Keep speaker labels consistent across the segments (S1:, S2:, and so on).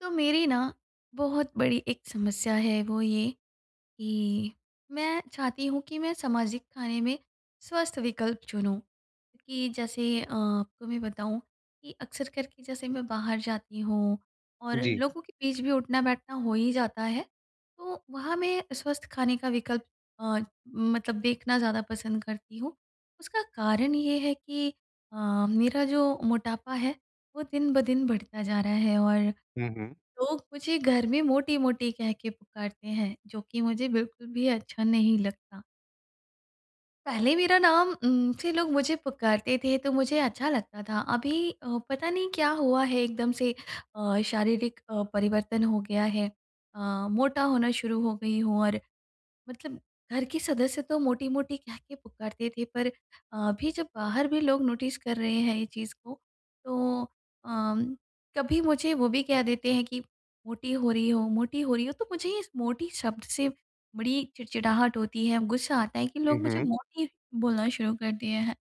S1: तो मेरी ना बहुत बड़ी एक समस्या है वो ये, कि मैं चाहती हूँ कि मैं सामाजिक खाने में स्वस्थ विकल्प चुनूँ कि जैसे अ, आपको मैं बताऊँ कि अक्सर करके जैसे मैं बाहर जाती हूँ और
S2: जी।
S1: लोगों के बीच भी उठना-बैठना हो ही जाता है, तो वहाँ मैं स्वस्थ खाने का विकल्प अ, मतलब देखना ज़्यादा पसंद करती हूँ। उसका कारण ये है कि अ, मेरा जो मोटापा है, वो दिन ब दिन बढ़ता जा रहा है, और
S2: हुँ, हुँ।
S1: लोग मुझे घर में मोटी-मोटी कह के पुकारते हैं, जो कि मुझे बिल्कुल भी अच्छा नहीं लगता। पहले मेरा नाम उम, से लोग मुझे पुकारते थे तो मुझे अच्छा लगता था। अभी अ, पता नहीं क्या हुआ है एकदम से अ, शारीरिक अ, परिवर्तन हो गया है अ, मोटा होना शुरू हो गई हूँ। और मतलब घर के सदस्य तो मोटी-मोटी कह के पुकारते थे, पर अभी जब बाहर भी लोग नोटिस कर रहे हैं ये चीज़ को, तो अ, कभी मुझे वो भी कह देते हैं कि, "मोटी हो रही हो, मोटी हो रही हो।" तो मुझे इस मोटी शब्द से बड़ी चिड़चिड़ाहट होती है, ग़ुस्सा आता है कि
S2: हुँ,
S1: लोग मुझे
S2: हुँ।
S1: मोटी बोलना शुरू कर दिए हैं।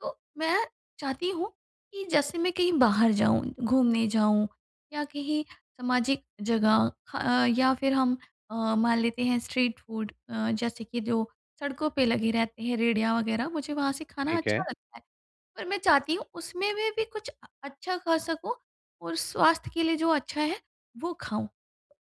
S1: तो मैं चाहती हूँ कि जैसे मैं कहीं बाहर जाऊँ, घूमने जाऊँ, या कहीं सामाजिक जगह खा या फिर हम अ, मान लेते हैं स्ट्रीट फ़ूड अ, जैसे कि जो सड़कों पे लगे रहते हैं रेड़ियाँ वगैरह, मुझे वहाँ से खाना
S2: ठीक है।
S1: अच्छा लगता है। पर मैं चाहती हूँ उसमें में भी कुछ अ अच्छा खा सकूँ, और स्वास्थ्य के लिए जो अच्छा है, वो खाऊँ।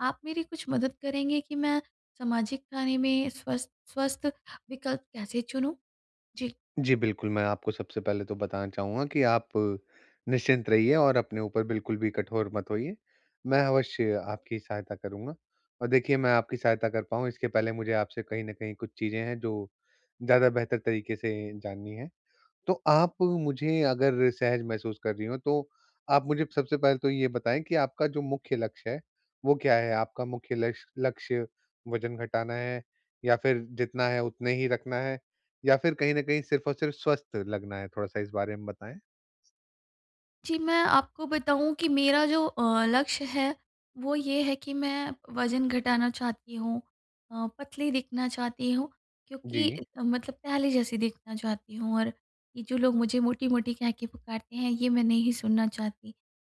S1: आप मेरी कुछ मदद करेंगे कि मैं सामाजिक खाने में स्वस्थ स्वस्थ विकल्प कैसे चुनूँ? जी।
S2: जी, बिल्कुल, मैं आपको सबसे पहले तो बताना चाहूँगा कि आप निश्चिंत रहिए और अपने ऊपर बिल्कुल भी कठोर मत होइए, मैं अवश्य आपकी सहायता करूँगा। और देखिए, मैं आपकी सहायता कर पाऊँ, इसके पहले मुझे आपसे कहीं न कहीं कुछ चीज़ें हैं जो ज़्यादा बेहतर तरीके से जाननी हैं। तो आप मुझे, अगर सहज महसूस कर रही हों, तो आप मुझे सबसे पहले तो ये बताएँ कि आपका जो मुख्य लक्ष्य है, वो क्या है? आपका मुख्य लक्ष लक्ष्य वज़न घटाना है, या फिर जितना है उतने ही रखना है, या फिर कहीं न कहीं सिर्फ और सिर्फ स्वस्थ लगना है? थोड़ा-सा इस बारे में बताएँ।
S1: जी, मैं आपको बताऊँ कि मेरा जो अ, लक्ष्य है, वो ये है कि मैं वज़न घटाना चाहती हूँ अ, पतली दिखना चाहती हूँ, क्योंकि
S2: जी।
S1: इतना मतलब पहले जैसी दिखना चाहती हूँ और ये जो लोग मुझे मोटी-मोटी कह के पुकारते हैं, ये मैं नहीं सुनना चाहती।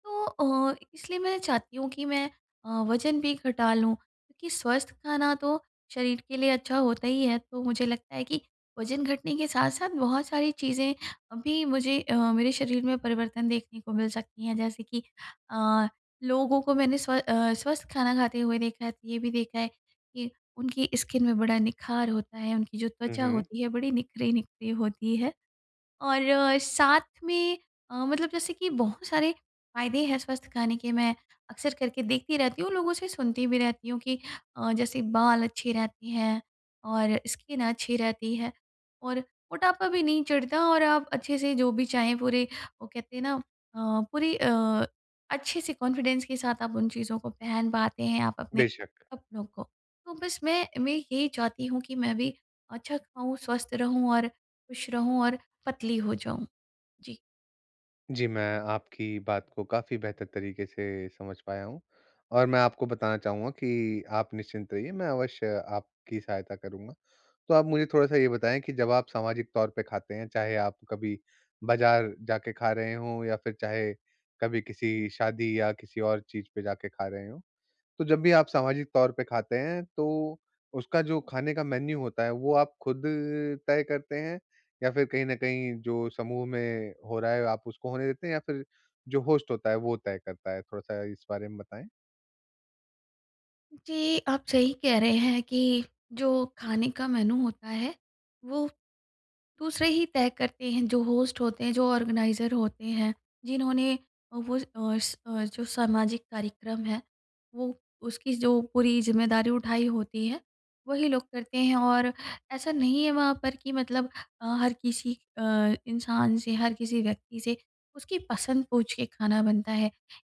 S1: तो अ, इ इसलिए मैं चाहती हूँ कि मैं अ, वज़न भी घटा लूँ, क्योंकि स्वस्थ खाना तो शरीर के लिए अच्छा होता ही है, तो मुझे लगता है कि वज़न घटने के साथ-साथ बहुत सारी चीज़ें अभी मुझे अ, मेरे शरीर में परिवर्तन देखने को मिल सकती हैं। जैसे कि अ, लोगों को मैंने स्व अ, स्वस्थ खाना खाते हुए देखा है तो ये भी देखा है कि उनकी स्किन में बड़ा निखार होता है, उनकी जो त्वचा
S2: उहुँ।
S1: होती है बड़ी निखरी-निखरी होती है और साथ में अ, मतलब जैसे कि बहुत सारे फायदे हैं स्वस्थ खाने के। मैं अक्सर करके देखती रहती हूँ, लोगों से सुनती भी रहती हूँ कि अ, जैसे बाल अच्छे रहते हैं और स्किन अच्छी रहती है और मोटापा भी नहीं चढ़ता और आप अच्छे से जो भी चाहें पूरे वो कहते हैं ना अ, पूरी अ, अच्छे-से कॉन्फिडेंस के साथ आप उन चीज़ों को पहन पाते हैं आप अपने
S2: बेशक।
S1: कपड़ों को। तो बस मैं मैं यही चाहती हूँ कि मैं भी अच्छा खाऊँ, स्वस्थ रहूँ और खुश रहूँ और पतली हो जाऊँ। जी।
S2: जी। मैं आपकी बात को काफ़ी बेहतर तरीके से समझ पाया हूँ। और मैं आपको बताना चाहूँगा कि आप निश्चिंत रहिए, मैं अवश्य आपकी सहायता करूँगा। तो आप मुझे थोड़ा-सा ये बताएँ कि जब आप सामाजिक तौर पे खाते हैं, चाहे आप कभी बाज़ार जाके खा रहे हो या फिर चाहे कभी किसी शादी या किसी और चीज़ पे जाके खा रहे हो। तो जब भी आप सामाजिक तौर पे खाते हैं तो उसका जो खाने का मेन्यू होता है, वो आप खुद तय करते हैं, या फिर कहीं न कहीं जो समूह में हो रहा है आप उसको होने देते हैं? या फिर जो होस्ट होता है वो तय करता है? थोड़ा-सा इस बारे में बताएँ।
S1: जी, आप सही कह रहे हैं कि जो खाने का मेन्यू होता है वो दूसरे ही तय करते हैं जो होस्ट होते हैं, जो ऑर्गेनाइज़र होते हैं, जिन्होंने वो अ, स जो सामाजिक कार्यक्रम है वो उसकी जो पूरी ज़िम्मेदारी उठाई होती है वही लोग करते हैं। और ऐसा नहीं है वहाँ पर कि मतलब अ, हर किसी अ, इंसान से हर किसी व्यक्ति से उसकी पसंद पूँछ के खाना बनता है।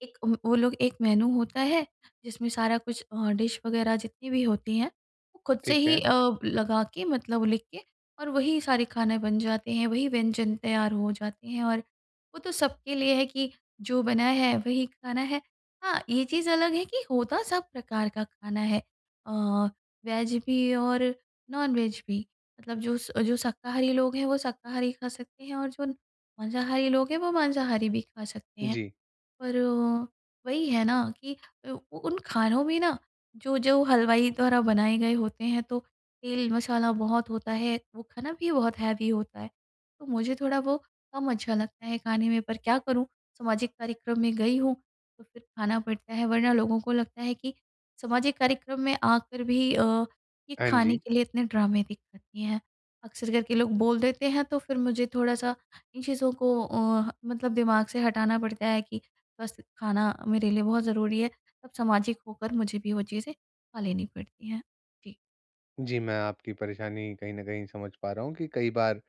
S1: एक व वो लोग एक मेन्यू होता है, जिसमें सारा कुछ अ, डिश वग़ैरह जितनी भी होती हैं वो खुद से
S2: ठीक
S1: ही
S2: है।
S1: अ, लगा के मतलब लिख के और वही सारे खाने बन जाते हैं वही व्यंजन तैयार हो जाते हैं। और वो तो सबके लिए है कि जो बनाया है वही खाना है। हाँ, ये चीज़ अलग है कि होता सब प्रकार का खाना है। अ, वेज भी और नॉनवेज भी। मतलब जो जो शाकाहारी लोग हैं वो शाकाहारी खा सकते हैं और जो मांसाहारी लोग हैं वो मांसाहारी भी खा सकते हैं।
S2: जी।
S1: पर वो वही है ना कि उ उन खानों में ना जो जो हलवाई द्वारा बनाए गए होते हैं, तो तेल मसाला बहुत होता है वो खाना भी बहुत हैवी होता है तो मुझे थोड़ा वो कम अच्छा लगता है खाने में। पर क्या करूँ, सामाजिक कार्यक्रम में गई हूँ तो फिर खाना पड़ता है। वरना लोगों को लगता है कि सामाजिक कार्यक्रम में आकर भी अ, ये
S2: हाँ
S1: खाने
S2: जी।
S1: के लिए इतने ड्रामे देख सकती हैं। अक्सर कर के लोग बोल देते हैं तो फिर मुझे थोड़ा-सा इन चीज़ों को अ, मतलब दिमाग से हटाना पड़ता है कि बस खाना मेरे लिए बहुत ज़रूरी है। तब सामाजिक होकर मुझे भी वो चीज़ें खा लेनी पड़ती हैं। जी।
S2: जी, मैं आपकी परेशानी कहीं न कहीं समझ पा रहा हूँ कि कई बार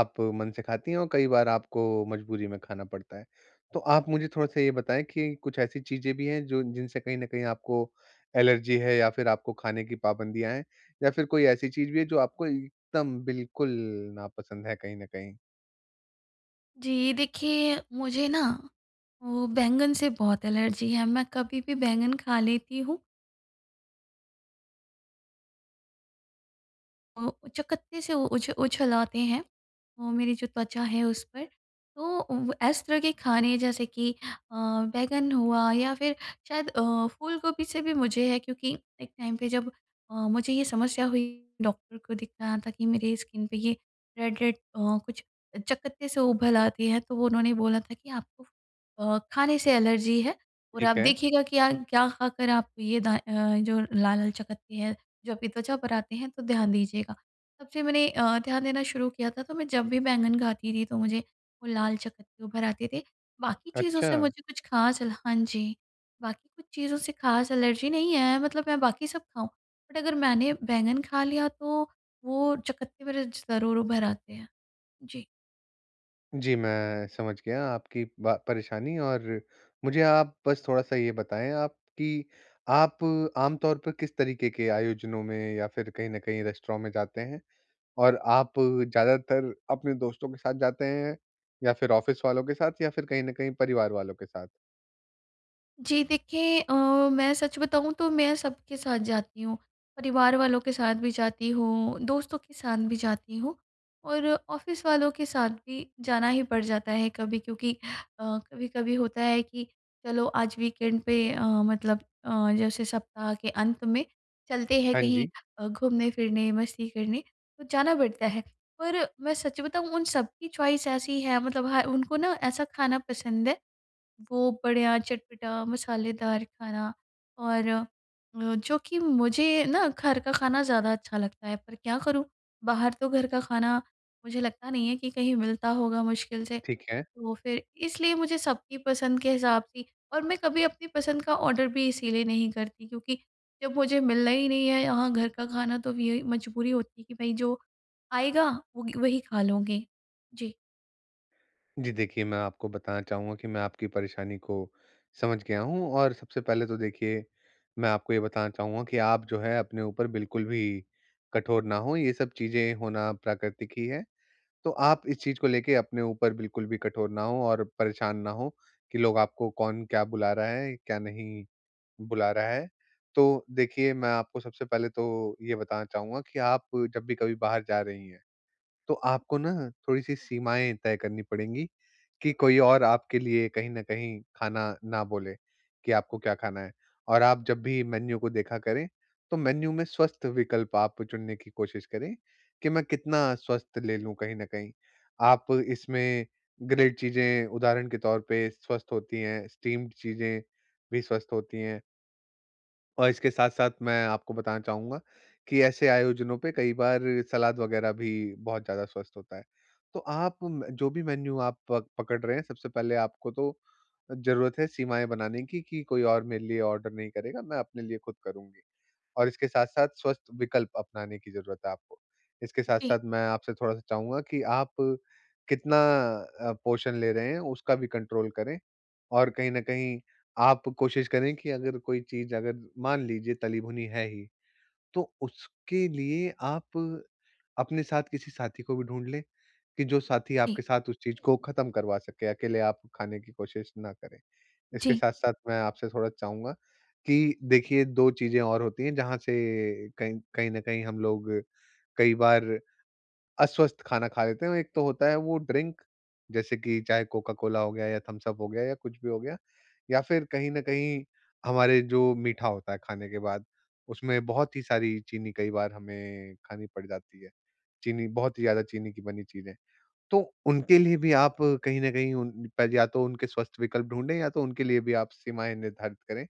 S2: आप मन से खाती हैं और कई बार आपको मजबूरी में खाना पड़ता है। तो आप मुझे थोड़ा-सा ये बताएँ कि कुछ ऐसी चीज़ें भी हैं जो जिनसे कहीं न कहीं आपको एलर्जी है या फिर आपको खाने की पाबंदियाँ हैं, या फिर कोई ऐसी चीज़ भी है जो आपको एकदम बिल्कुल नापसंद है कहीं न कहीं?
S1: जी, देखिए मुझे ना, वो बैंगन से बहुत एलर्जी है। मैं कभी भी बैंगन खा लेती हूँ। ओ अ, चकत्ते से उ उछ उछलाते हैं, वो मेरी जो त्वचा है उस पर। तो वो ऐसे तरह के खाने जैसे कि अ, बैंगन हुआ या फिर शायद अ, फूलगोभी से भी मुझे है क्योंकि एक टाइम पे जब अ, मुझे ये समस्या हुई डॉक्टर को दिखाया था कि मेरे स्किन पे ये रेड-रेड अ, कुछ चकत्ते से उभल आते हैं। तो वो उन्होंने बोला था कि, "आपको अ, खाने से एलर्जी है और आप
S2: ठीक है।
S1: देखिएगा कि आ क्या खाकर आप ये दा अ, जो लाल-लाल चकत्ते हैं जो अभी त्वचा पर आते हैं तो ध्यान दीजिएगा।" तब से मैंने अ, ध्यान देना शुरू किया था, तो मैं जब भी बैंगन खाती थी तो मुझे वो लाल चकत्ते उभर आते थे। बाकी चीज़ों से
S2: अच्छा।
S1: मुझे कुछ खास एल हाँ जी, बाकी कुछ चीज़ों से खास एलर्जी नहीं है मतलब मैं बाकी सब खाऊँ। बट अगर मैंने बैंगन खा लिया तो वो चकत्ते मेरे ज ज़रूर उभर आते हैं। जी।
S2: जी मैं समझ गया आपकी बा परेशानी और मुझे आप बस थोड़ा-सा ये बताएँ आप कि, आप आमतौर पर किस तरीके के आयोजनों में या फिर कहीं न कहीं रेस्टोरेंट में जाते हैं? और आप ज़्यादातर अपने दोस्तों के साथ जाते हैं या फिर ऑफ़िस वालों के साथ? या फिर कहीं न कहीं परिवार वालों के साथ?
S1: जी देखिए, अ, मैं सच बताऊँ तो मैं सबके साथ जाती हूँ। परिवार वालों के साथ भी जाती हूँ, दोस्तों के साथ भी जाती हूँ और ऑफ़िस वालों के साथ भी जाना ही पड़ जाता है कभी क्योंकि अ, कभी-कभी होता है कि चलो आज वीकेंड पे अ, मतलब अ, जैसे सप्ताह के अंत में चलते हैं
S2: हाँ
S1: कहीं
S2: जी।
S1: अ, घूमने-फिरने, मस्ती करने तो जाना पड़ता है। पर, मैं सच बताऊँ उन सबकी चॉइस ऐसी है मतलब ह उनको ना ऐसा खाना पसंद है वो बढ़िया, चटपटा, मसालेदार खाना। और अ, जो कि मुझे ना घर का खाना ज़्यादा अच्छा लगता है, पर क्या करूँ, बाहर तो घर का खाना मुझे लगता नहीं है कि कहीं मिलता होगा मुश्किल से।
S2: ठीक है।
S1: तो फिर इसलिए मुझे सबकी पसंद के हिसाब सी और मैं कभी अपनी पसंद का ऑर्डर भी इसीलिए नहीं करती, क्योंकि जब मुझे मिलना ही नहीं है यहाँ घर का खाना तो अब यही मजबूरी होती है कि भई जो आएगा वगी वही खा लूँगी। जी।
S2: जी। देखिए मैं आपको बताना चाहूँगा कि मैं आपकी परेशानी को समझ गया हूँ और सबसे पहले तो देखिए मैं आपको ये बताना चाहूँगा कि आप जो है अपने ऊपर बिल्कुल भी कठोर ना हों। ये सब चीज़ें होना प्राकृतिक ही है। तो आप इस चीज़ को लेके अपने ऊपर बिल्कुल भी कठोर ना हों और परेशान ना हो कि लोग आपको कौन क्या बुला रहा है, क्या नहीं बुला रहा है। तो देखिए मैं आपको सबसे पहले तो ये बताना चाहूँगा कि आप जब भी कभी बाहर जा रही हैं। तो आपको न थोड़ी-सी सीमाएँ तय करनी पड़ेंगी कि कोई और आपके लिए कहीं न कहीं खाना ना बोले कि आपको क्या खाना है, और आप जब भी मेन्यू को देखा करें, तो मेन्यू में स्वस्थ विकल्प आप चुनने की कोशिश करें कि मैं कितना स्वस्थ ले लूँ कहीं न कहीं? आप इसमें ग्रिल्ड चीज़ें उदाहरण के तौर पे स्वस्थ होती हैं, स्टीम्ड चीज़ें भी स्वस्थ होती हैं। और इसके साथ-साथ मैं आपको बताना चाहूँगा कि ऐसे आयोजनों पे कई बार सलाद वग़ैरह भी बहुत ज़्यादा स्वस्थ होता है। तो आप म जो भी मेन्यू आप प पकड़ रहे हैं, सबसे पहले आपको तो ज़रूरत है सीमाएँ बनाने की कि कोई और मेरे लिए ऑर्डर नहीं करेगा, मैं अपने लिए खुद करुँगी। और इसके साथ-साथ स्वस्थ विकल्प अपनाने की ज़रूरत है आपको। इसके
S1: जी।
S2: साथ-साथ मैं आपसे थोड़ा-सा चाहूँगा कि आप कितना अ, पोषण ले रहे हैं उसका भी कंट्रोल करें। और कहीं न कहीं आप कोशिश करें कि अगर कोई चीज़ अगर मान लीजिए तली भुनी है ही, तो उसके लिए आप अपने साथ किसी साथी को भी ढूँढ़ लें कि जो साथी
S1: जी।
S2: आपके साथ उस चीज़ को ख़त्म करवा सके, अकेले आप खाने की कोशिश ना करें। इसके
S1: जी।
S2: साथ-साथ मैं आपसे थोड़ा चाहूँगा कि देखिए दो चीज़ें और होती हैं जहाँ से कहीं कहीं न कहीं हम लोग कई बार अस्वस्थ खाना खा लेते हैं। एक तो होता है वो ड्रिंक जैसे कि चाहे कोका-कोला हो गया या थम्स-अप हो गया या कुछ भी हो गया, या फिर कहीं न कहीं हमारे जो मीठा होता है, खाने के बाद। उसमें बहुत ही सारी चीनी कई बार हमें खानी पड़ जाती है। चीनी बहुत ही ज़्यादा चीनी की बनी चीज़ें। तो उनके लिए भी आप कहीं न कहीं उन या तो उनके स्वस्थ विकल्प ढूँढ़े या तो उनके लिए भी आप सीमाएँ निर्धारित करें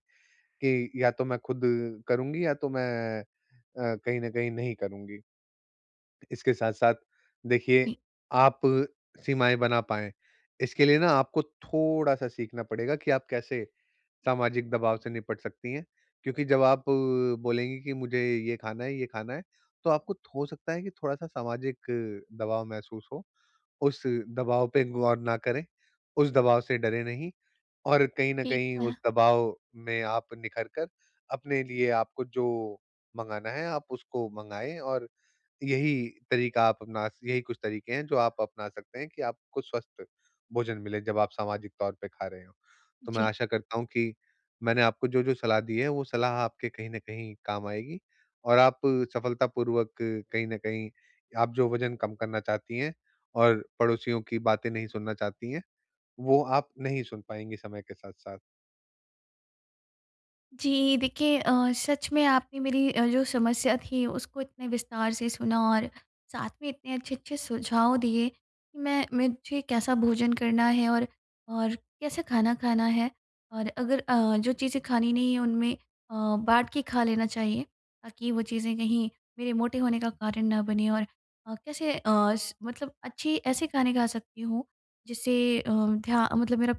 S2: कि या तो मैं खुद करुँगी या तो मैं अ, कहीं न कहीं नहीं करुँगी। इसके साथ-साथ देखिये
S1: जी।
S2: आप सीमाएँ बना पाएँ। इसके लिए न आपको थोड़ा-सा सीखना पड़ेगा कि आप कैसे सामाजिक दबाव से निपट सकती हैं, क्योंकि जब आप बोलेंगी कि मुझे ये खाना है ये खाना है, तो आपको थो सकता है कि थोड़ा-सा सामाजिक दबाव महसूस हो। उस दबाव पे गौर ना करें, उस दबाव से डरें नहीं और कहीं न
S1: ठीक
S2: कहीं
S1: है।
S2: उस दबाव में आप निखर कर अपने लिए आपको जो मँगाना है आप उसको माँगए और यही तरीका आप अपना यही कुछ तरीके हैं जो आप अपना सकते हैं कि आपको स्वस्थ भोजन मिले जब आप सामाजिक तौर पे खा रहे हो। तो मैं
S1: जी।
S2: आशा करता हूँ कि मैंने आपको जो-जो सलाह दी है वो सलाह आपके कहीं न कहीं काम आएगी और आप सफलतापूर्वक कहीं न कहीं आप जो वज़न कम करना चाहती हैं और पड़ोसियों की बातें नहीं सुनना चाहती हैं, वो आप नहीं सुन पाएँगी समय के साथ-साथ।
S1: जी। देखिए अ, सच में आपने मेरी अ, जो समस्या थीं उसको इतने विस्तार से सुना और साथ में इतने अच्छे-अच्छे सुझाव दिए कि मैं मुझे कैसा भोजन करना है और और कैसे खाना खाना है? और अगर अ, जो चीज़ें खानी नहीं है उनमें अ, बाँट के खा लेना चाहिए ताकि वो चीज़ें कहीं मेरे मोटे होने का कारण ना बनें और अ, कैसे अ, स मतलब अच्छी ऐसे खाने खा सकती हूँ जिससे अ, ध्या मतलब मेरा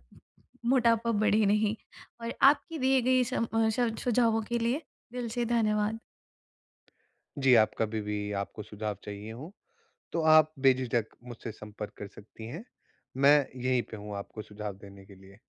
S1: मोटापा बढ़े नहीं और आपकी दिए गए स अ, सुझावों के लिए दिल से धन्यवाद।
S2: जी, आप कभी भी आपको सुझाव चाहिए हों, तो आप बेझिझक मुझसे संपर्क कर सकती हैं। मैं यहीं पे हूँ आपको सुझाव देने के लिए।